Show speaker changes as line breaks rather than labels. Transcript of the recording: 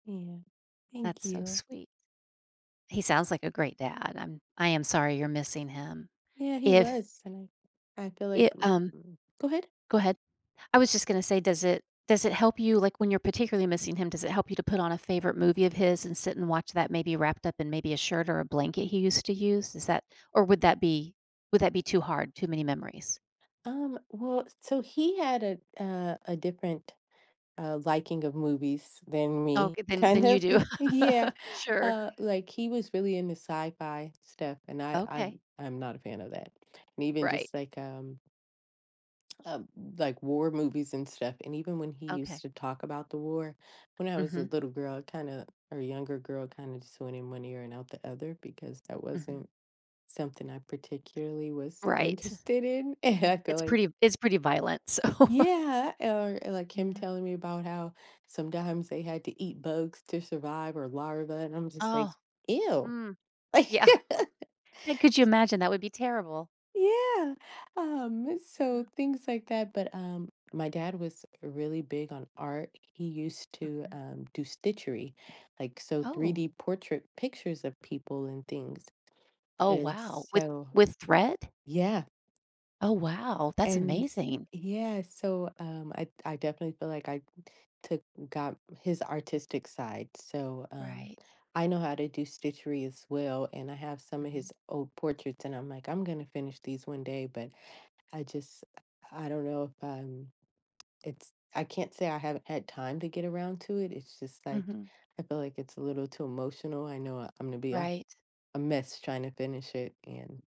Yeah, thank
That's so
you.
sweet. He sounds like a great dad, I'm I am sorry you're missing him,
Yeah, he
if
was, and I I feel like
Ye um
go ahead.
go ahead. I was just gonna say, does it does it help you, like, when you're particularly missing him, does it help you to put on a favorite movie of his and sit and watch that maybe wrapped up in maybe a shirt or a blanket he used to use? Is that or would that be would that be too hard, too many memories?
Um, well, so he had a a a different, uh, liking of movies than me,
Okay, then
kind
then you
of,
do,
yeah,
sure.
uh, like, he was really into sci-fi stuff and I
Okay.
I'm I'm not a fan of that and, even
Right.
just, like, um Uh, b like, war movies and stuff, and even when he used
Okay.
to talk about the war, when I was a
Mhm.
little girl, I kinda or younger girl kinda just went in one ear and out the other, because that
Mhm.
wasn't something I particularly was
Right,
interested in, and
yeah,
I feel
it's
like
pretty it's pretty violent, so
Yeah, or or, like, him
Yeah.
telling me about how sometimes they had to eat bugs to survive, or larvae, and I'm just like,
Oh,
"Ew!"
mm, yeah, and could you imagine? That would be terrible.
Yeah, um, so
Yeah.
things, like that but, um, my dad was really big on art, he used to,
Mhm.
um, do stitchery, like, so,
Oh!
3D portrait pictures of people and things,
Oh,
and
wow! With
so
with thread?
yeah.
Oh, wow, that's
And
amazing.
yeah, so, um, I d I definitely feel like I took got his artistic side, so, um,
Right.
I know how to do stitchery as well, and I have some of
Mhm.
his old portraits, and I'm like, "I'm gonna finish these one day," but I just I don't know if I'm it's I can't say I haven't had time to get around to it, it's just, like,
Mhm.
I feel like it's a little too emotional. I know I I'm gonna be a
Right.
a mess trying to finish it, and